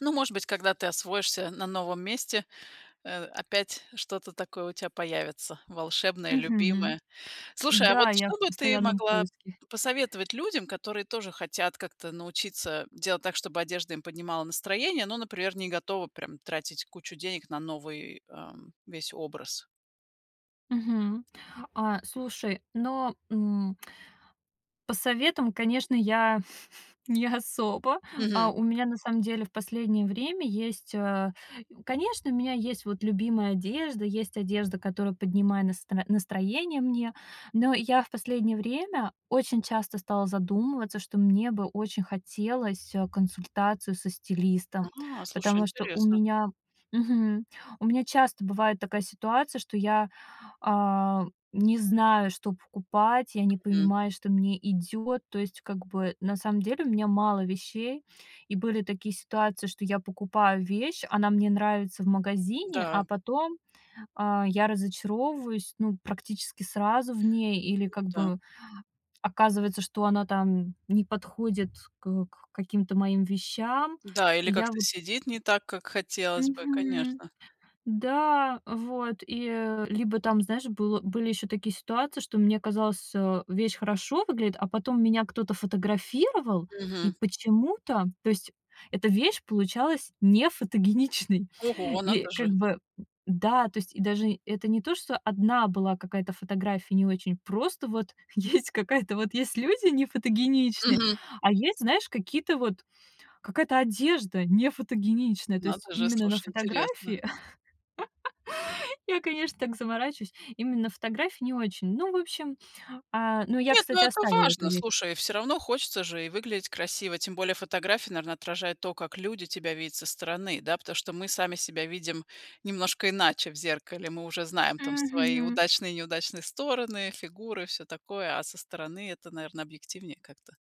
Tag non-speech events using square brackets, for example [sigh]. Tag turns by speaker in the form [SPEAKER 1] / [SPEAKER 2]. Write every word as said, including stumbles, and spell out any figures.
[SPEAKER 1] Ну, может быть, когда ты освоишься на новом месте, э, опять что-то такое у тя появится волшебное и
[SPEAKER 2] Мгм.
[SPEAKER 1] любимое. Слушай, а вот
[SPEAKER 2] Да, я в
[SPEAKER 1] что бы ты
[SPEAKER 2] постоянном
[SPEAKER 1] могла
[SPEAKER 2] поиске. [chuckles]
[SPEAKER 1] посоветовать людям, которые тоже хотят как-то научиться делать так, чтобы одежда им поднимала настроение, но, например, не готовы прям тратить кучу денег на новый, ам, весь образ?
[SPEAKER 2] Мгм. А, слушай, но м По советам, конечно, я [chuckles] не особо. А,
[SPEAKER 1] Мгм.
[SPEAKER 2] у меня на самом деле в последнее время есть, а Конечно, у меня есть вот любимая одежда, есть одежда, которая поднимает настро настроение мне. Но я в последнее время очень часто стала задумываться, что мне бы очень хотелось, а, консультацию со стилистом,
[SPEAKER 1] А, слушай,
[SPEAKER 2] потому что у
[SPEAKER 1] интересно.
[SPEAKER 2] меня мгм, у меня часто бывает такая ситуация, что я, а, не знаю, что покупать, я не
[SPEAKER 1] Мгм.
[SPEAKER 2] понимаю, что мне идёт. То есть как бы на самом деле у меня мало вещей. И были такие ситуации, что я покупаю вещь, она мне нравится в магазине,
[SPEAKER 1] Да.
[SPEAKER 2] а потом, а, я разочаровываюсь, ну, практически сразу в ней, или
[SPEAKER 1] Ну
[SPEAKER 2] как
[SPEAKER 1] да.
[SPEAKER 2] бы оказывается, что она там не подходит к к каким-то моим вещам.
[SPEAKER 1] Да, или
[SPEAKER 2] И я
[SPEAKER 1] как-то
[SPEAKER 2] вот
[SPEAKER 1] сидит не так, как хотелось бы,
[SPEAKER 2] Мгм.
[SPEAKER 1] конечно.
[SPEAKER 2] Да, вот. И, э, либо там, знаешь, был были ещё такие ситуации, что мне казалось, а, вещь хорошо выглядит, а потом меня кто-то фотографировал, и
[SPEAKER 1] Мгм.
[SPEAKER 2] почему-то То есть эта вещь получалась нефотогеничной.
[SPEAKER 1] Ого,
[SPEAKER 2] И
[SPEAKER 1] надо
[SPEAKER 2] как
[SPEAKER 1] же.
[SPEAKER 2] бы м-да, то есть и даже это не то, что одна была какая-то фотография не очень, просто вот есть какая-то вот есть люди нефотогеничные,
[SPEAKER 1] Мгм.
[SPEAKER 2] а есть, знаешь, какие-то вот какая-то одежда нефотогеничная. То есть
[SPEAKER 1] Надо же,
[SPEAKER 2] именно на
[SPEAKER 1] слушай, интересно.
[SPEAKER 2] фотографии [laughs] я, конечно, так заморачиваюсь, именно на фотографии не очень. Ну, в общем. А, но я,
[SPEAKER 1] Нет, ну,
[SPEAKER 2] кстати,
[SPEAKER 1] это
[SPEAKER 2] оставила эту
[SPEAKER 1] важно,
[SPEAKER 2] вещь.
[SPEAKER 1] слушай. Всё равно хочется же и выглядеть красиво. Тем более фотография, наверно, отражает то, как люди тебя видят со стороны. Да, потому что мы сами себя видим немножко иначе в зеркале. Мы уже знаем там свои
[SPEAKER 2] Мгм.
[SPEAKER 1] удачные и неудачные стороны, фигуры, всё такое, а со стороны это, наверно, объективнее как-то.